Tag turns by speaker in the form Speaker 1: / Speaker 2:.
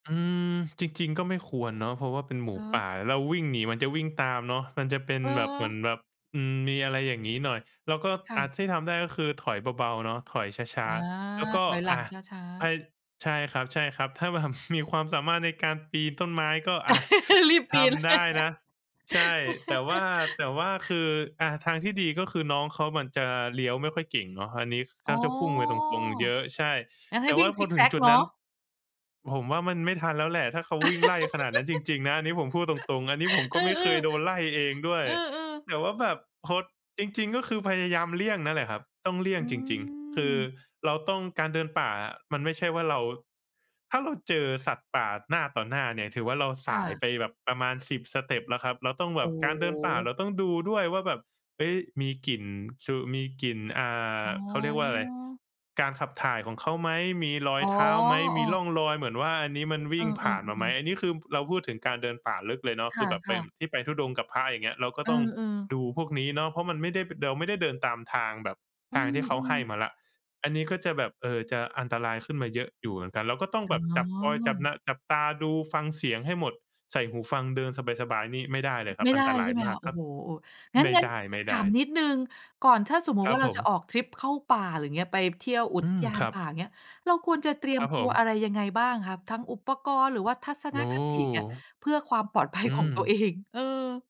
Speaker 1: อืม จริง ๆ ก็ไม่ควรเนาะ เพราะว่าเป็นหมู
Speaker 2: อ๋
Speaker 1: ป
Speaker 2: อ
Speaker 1: ่า เราวิ่งหนีมันจะวิ่งตามเนาะ มันจะเป็น
Speaker 2: เ
Speaker 1: แบบเหมื
Speaker 2: ออ
Speaker 1: อนแบบ อืม มีอะไรอย่างงี้หน่อย แล้วก็
Speaker 2: ค่
Speaker 1: อะ
Speaker 2: ะ
Speaker 1: ที่ทำได้ก็คือถอยเบา ๆ เนาะ ถอยช้
Speaker 2: อ
Speaker 1: า
Speaker 2: า
Speaker 1: ๆ แล้วก็
Speaker 2: ถอยหล
Speaker 1: อ
Speaker 2: ัง
Speaker 1: ะ
Speaker 2: ช้า
Speaker 1: พา
Speaker 2: ๆ
Speaker 1: ใช่ครับ ๆ ถ้าแบบ มีความสามารถในการปีนต้นไม้ก็อะ
Speaker 2: รีบป
Speaker 1: ท
Speaker 2: ีน เล
Speaker 1: ำได
Speaker 2: ย
Speaker 1: ้นะ ใช่ แต่ว่า แต่ว่าคือ อะ ทางที่ดีก็คือน้องเขามันจะเลี้ยวไม่ค่อยเก่งเนาะ อันนี้เข
Speaker 2: อ๋อ
Speaker 1: าจะพุ่งไปตรง ๆ เยอะ ใช่
Speaker 2: งั้นใ
Speaker 1: แ
Speaker 2: ห
Speaker 1: ต
Speaker 2: ้
Speaker 1: ่
Speaker 2: ว
Speaker 1: ว
Speaker 2: ิ
Speaker 1: ่
Speaker 2: ่
Speaker 1: า
Speaker 2: ง
Speaker 1: พ
Speaker 2: ซ
Speaker 1: อ
Speaker 2: ิก
Speaker 1: ถ
Speaker 2: แ
Speaker 1: ึ
Speaker 2: ซ
Speaker 1: ง
Speaker 2: ก
Speaker 1: จุด
Speaker 2: เนา
Speaker 1: นั้น
Speaker 2: ะ
Speaker 1: ผมว่ามันไม่ทันแล้วแหละถ้าเขาวิ่งไล่ขนาดนั้นจริง ๆ นะ อันนี้ผมพูดตรง ๆ อันนี้ผม
Speaker 2: อ
Speaker 1: ก
Speaker 2: ื
Speaker 1: ็
Speaker 2: อ
Speaker 1: ไม่เคยโดน
Speaker 2: ๆ
Speaker 1: ไล่เองด้วย
Speaker 2: อือ ๆ
Speaker 1: แต่ว่าแบบ คง จริง ๆ ก็คือพยายามเลี่ยงนั่นแหละครับ ต้องเลี่ย
Speaker 2: อ
Speaker 1: ง
Speaker 2: ื
Speaker 1: จริง ๆ คือ
Speaker 2: ม
Speaker 1: เราต้อง การเดินป่ามันไม่ใช่ว่าเรา ถ้าเราเจอสัตว์ป่าหน้าต่อหน้าเนี่ย ถือว่าเราส
Speaker 2: ค่
Speaker 1: าย
Speaker 2: ะ
Speaker 1: ไปแบบประมาณ 10 สเต็ปแล้วครับ เราต้อง
Speaker 2: โ
Speaker 1: แ
Speaker 2: อ
Speaker 1: บ
Speaker 2: ้
Speaker 1: บ
Speaker 2: โ
Speaker 1: การเดินป่าเร
Speaker 2: ฮ
Speaker 1: าต้องดูด้วยว่าแบบ เฮ้ย มีกลิ่น คือมีกลิ่น อ่า
Speaker 2: อ๋
Speaker 1: เขาเรียกว่าอะไร
Speaker 2: อ
Speaker 1: การขับถ่ายของเขาไหม? มีรอ
Speaker 2: อ
Speaker 1: ย
Speaker 2: ๋อ
Speaker 1: เท้าไหม? มีร่องรอยเหมือนว่าอันนี้มันว
Speaker 2: เอ
Speaker 1: ิ
Speaker 2: อ
Speaker 1: ่งผ่านมาไหม?
Speaker 2: ๆ ๆ ๆ
Speaker 1: อันนี้คือเราพูดถึงการเดินป่าลึกเลยเนาะ
Speaker 2: ค
Speaker 1: คือแบบเป็
Speaker 2: ่ะ
Speaker 1: น
Speaker 2: ๆ
Speaker 1: ที่ไปธุดงค์กับพระ อย่างเงี้ย เราก็
Speaker 2: อื
Speaker 1: ต้อง
Speaker 2: อ ๆ
Speaker 1: ดูพวกนี้เนาะ เพราะมันไม่ได้ เราไม่ได้เดินตามทางแบบ
Speaker 2: อ
Speaker 1: ท
Speaker 2: ื
Speaker 1: างที่เขาให
Speaker 2: ม
Speaker 1: ้
Speaker 2: ๆ
Speaker 1: มาแล้ว อันนี้ก็จะแบบ เออ จะอันตรายขึ้นมาเยอะอยู่เหมือนกัน เราก็ต้อง
Speaker 2: อ
Speaker 1: แ
Speaker 2: ๋
Speaker 1: บบจับคอย จับ
Speaker 2: อ
Speaker 1: นา จับตาดู ฟังเสียงให้หมด ใส่หูฟังเดินสบาย ๆ นี่ไม่ได้เลยคร
Speaker 2: ไ
Speaker 1: ั
Speaker 2: ม
Speaker 1: บ
Speaker 2: ่
Speaker 1: อ
Speaker 2: ไ
Speaker 1: ั
Speaker 2: ด
Speaker 1: น
Speaker 2: ้
Speaker 1: ตร
Speaker 2: ใ
Speaker 1: า
Speaker 2: ช
Speaker 1: ย
Speaker 2: ่ไหม
Speaker 1: มา
Speaker 2: ค
Speaker 1: ก
Speaker 2: ะ? โอ
Speaker 1: ก
Speaker 2: ้
Speaker 1: ็
Speaker 2: โฮ งั้
Speaker 1: ไ
Speaker 2: น
Speaker 1: ม่
Speaker 2: งั้น
Speaker 1: ไ
Speaker 2: ถ
Speaker 1: ด
Speaker 2: า
Speaker 1: ้
Speaker 2: ม
Speaker 1: ๆ
Speaker 2: นิดหนึ่ง ก่อนถ้าสมมุต
Speaker 1: ค
Speaker 2: ิ
Speaker 1: ร
Speaker 2: ว
Speaker 1: ั
Speaker 2: ่
Speaker 1: บ
Speaker 2: าเรา
Speaker 1: ผ
Speaker 2: จ
Speaker 1: ม
Speaker 2: ะออกทริปเข้าป่า อย่างเงี้ย ไปเที่ยวอุ
Speaker 1: อื
Speaker 2: ท
Speaker 1: ม
Speaker 2: ยา
Speaker 1: ค
Speaker 2: น
Speaker 1: รั
Speaker 2: ป
Speaker 1: บ
Speaker 2: ่า อย่างเงี้ย เราควรจะเตรีย
Speaker 1: ค
Speaker 2: ม
Speaker 1: รับ
Speaker 2: ต
Speaker 1: ผ
Speaker 2: ัวอ
Speaker 1: ม
Speaker 2: ะไรยังไงบ้างคะ ทั้งอุปกรณ์ หรือว่าทัศน
Speaker 1: โอ้
Speaker 2: คติเนี่ย เพื่อความปลอดภัย
Speaker 1: อื
Speaker 2: ของ
Speaker 1: ม
Speaker 2: ตัวเอง? เออ